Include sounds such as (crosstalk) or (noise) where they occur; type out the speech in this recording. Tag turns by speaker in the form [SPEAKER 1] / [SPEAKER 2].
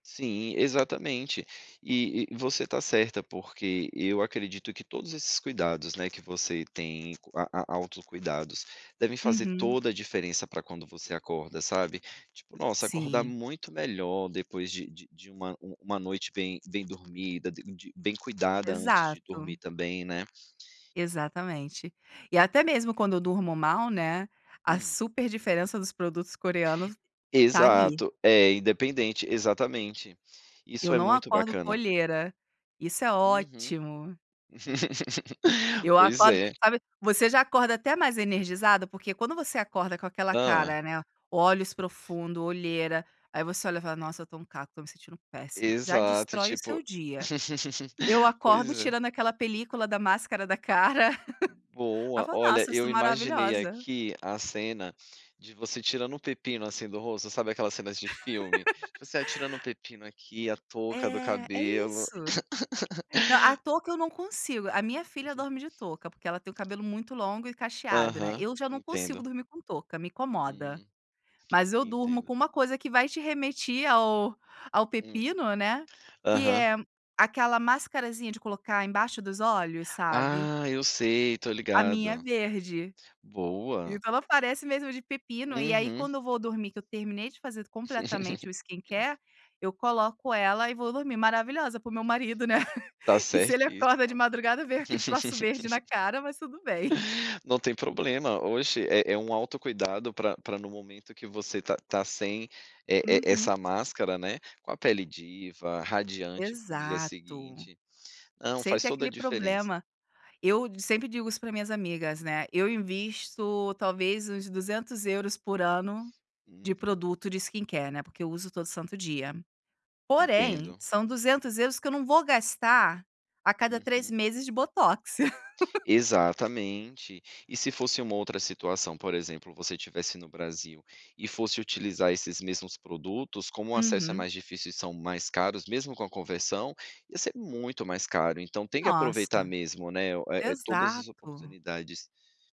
[SPEAKER 1] Sim, exatamente. E e você está certa, porque eu acredito que todos esses cuidados, né, que você tem a a autocuidados, devem fazer
[SPEAKER 2] Uhum.
[SPEAKER 1] toda a diferença para quando você acorda, sabe. Tipo, nossa, acordar
[SPEAKER 2] Sim.
[SPEAKER 1] muito melhor depois de de de uma um uma noite bem bem dormida, bem de bem cuidada, antes de
[SPEAKER 2] Exato.
[SPEAKER 1] dormir também, né.
[SPEAKER 2] Exatamente. E até mesmo quando eu durmo mal, né, a
[SPEAKER 1] Hum.
[SPEAKER 2] super diferença dos produtos coreanos tá ali.
[SPEAKER 1] Exato, é, independente exatamente. Isso
[SPEAKER 2] Eu
[SPEAKER 1] é
[SPEAKER 2] não
[SPEAKER 1] muito
[SPEAKER 2] acordo com
[SPEAKER 1] bacana.
[SPEAKER 2] olheira, isso é
[SPEAKER 1] Uhum.
[SPEAKER 2] ótimo.
[SPEAKER 1] (laughs)
[SPEAKER 2] Eu
[SPEAKER 1] Pois
[SPEAKER 2] acordo
[SPEAKER 1] é.
[SPEAKER 2] sabe você já acorda até mais energizada, porque quando você acorda com aquela
[SPEAKER 1] Hã.
[SPEAKER 2] cara, né, olhos profundo, olheira, aí você olha e fala: "Nossa eu tô um caco, estou me sentindo péssima", já
[SPEAKER 1] Exato e
[SPEAKER 2] destrói o seu
[SPEAKER 1] tipo
[SPEAKER 2] dia. Eu
[SPEAKER 1] (laughs)
[SPEAKER 2] acordo
[SPEAKER 1] Pois é.
[SPEAKER 2] tirando aquela película da máscara da cara, (laughs) aí eu
[SPEAKER 1] Boa,
[SPEAKER 2] falo:
[SPEAKER 1] olha,
[SPEAKER 2] "Nossa, eu sou
[SPEAKER 1] eu imaginei
[SPEAKER 2] maravilhosa".
[SPEAKER 1] aqui a cena, de você tirando o pepino, assim, do rosto, sabe aquelas cenas de filme?
[SPEAKER 2] (laughs)
[SPEAKER 1] Você a tirando o pepino aqui, a touca do
[SPEAKER 2] É, é
[SPEAKER 1] cabelo.
[SPEAKER 2] isso.
[SPEAKER 1] (laughs)
[SPEAKER 2] Não, a touca eu não consigo, a minha filha dorme de touca, porque ela tem o cabelo muito longo e cacheado, né,
[SPEAKER 1] Aham,
[SPEAKER 2] eu já não consigo
[SPEAKER 1] entendo.
[SPEAKER 2] dormir com touca, me incomoda.
[SPEAKER 1] Hum,
[SPEAKER 2] Mas eu durmo
[SPEAKER 1] entendo.
[SPEAKER 2] com uma coisa que vai te remeti ao ao
[SPEAKER 1] Hum.
[SPEAKER 2] pepino, né, que
[SPEAKER 1] Aham.
[SPEAKER 2] é aquela mascarazinha de colocar embaixo dos olhos, sabe?
[SPEAKER 1] Ah, eu sei, eu tô
[SPEAKER 2] A minha é
[SPEAKER 1] ligado.
[SPEAKER 2] verde.
[SPEAKER 1] Boa.
[SPEAKER 2] Então ela parece mesmo de pepino, e aí
[SPEAKER 1] Uhum.
[SPEAKER 2] quando eu vou dormir, que eu terminei de fazer completamente o
[SPEAKER 1] (laughs)
[SPEAKER 2] skincare, eu coloco ela e vou dormir maravilhosa para o meu marido, né,
[SPEAKER 1] Tá
[SPEAKER 2] (chuckles) que se ele
[SPEAKER 1] certo isso?
[SPEAKER 2] acorda de
[SPEAKER 1] Tá.
[SPEAKER 2] madrugada eu vê aquele troço verde na cara, mas tudo bem.
[SPEAKER 1] Não tem problema, oxe, é é um autocuidado pra pra no momento que você tá tá sem e e e
[SPEAKER 2] Uhum.
[SPEAKER 1] essa máscara, né, com a pele diva, radiante para o dia
[SPEAKER 2] Exato,
[SPEAKER 1] seguinte. Não,
[SPEAKER 2] sem
[SPEAKER 1] faz
[SPEAKER 2] ter
[SPEAKER 1] toda a
[SPEAKER 2] aquele
[SPEAKER 1] diferença.
[SPEAKER 2] problema. Eu sempre digo isso para minhas amigas, né, eu invisto talvez uns 200€ por ano de
[SPEAKER 1] Uhum.
[SPEAKER 2] produto de skincare, né, porque eu uso todo santo dia. Porém,
[SPEAKER 1] Entendo.
[SPEAKER 2] são 200€ que eu não vou gastar a cada 3
[SPEAKER 1] Uhum.
[SPEAKER 2] meses de botox. (laughs)
[SPEAKER 1] Exatamente. E se fosse uma outra situação, por exemplo, você estivesse no Brasil, e fosse utilizar esses mesmos produtos, como o acesso é
[SPEAKER 2] Uhum.
[SPEAKER 1] mais difícil e são mais caros, mesmo com a conversão, ia ser muito mais caro, então tem que aproveitar
[SPEAKER 2] Nossa,
[SPEAKER 1] mesmo, né, eh, todas as
[SPEAKER 2] exato.
[SPEAKER 1] oportunidades.